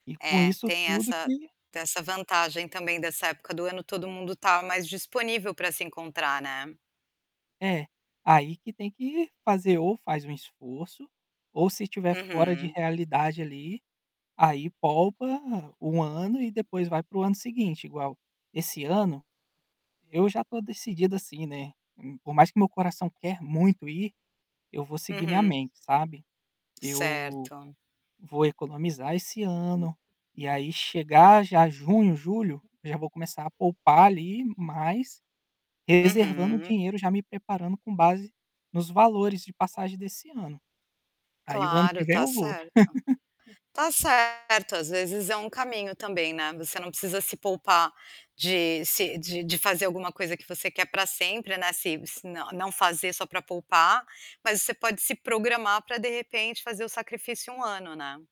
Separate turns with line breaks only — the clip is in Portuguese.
E com
É,
isso
tem
tudo
essa
que
tem essa vantagem também dessa época do ano, todo mundo está mais disponível para se encontrar, né?
É, aí, que tem que fazer ou faz um esforço ou se estiver fora de
Uhum.
realidade, ali, aí, poupa 1 ano e depois vai para o ano seguinte igual, esse ano, eu já estou decidido, assim, né, hum, por mais que meu coração quer muito ir, eu vou seguir minha
Uhum.
mente, sabe, eu
Certo.
vou economizar esse ano e, aí, chegar já junho, julho, eu já vou começar a poupar, ali, mas reservando
Uhum.
dinheiro, já me preparando com base nos valores de passagem desse ano, aí, o ano
Claro,
que vem
está
eu vou.
certo. Está certo, às vezes, é um caminho também, né, você não precisa se poupar de se de de fazer alguma coisa que você quer para sempre, né, se se não fazer só para poupar, mas você pode se programar para, de repente, fazer o sacrifício 1 ano, né?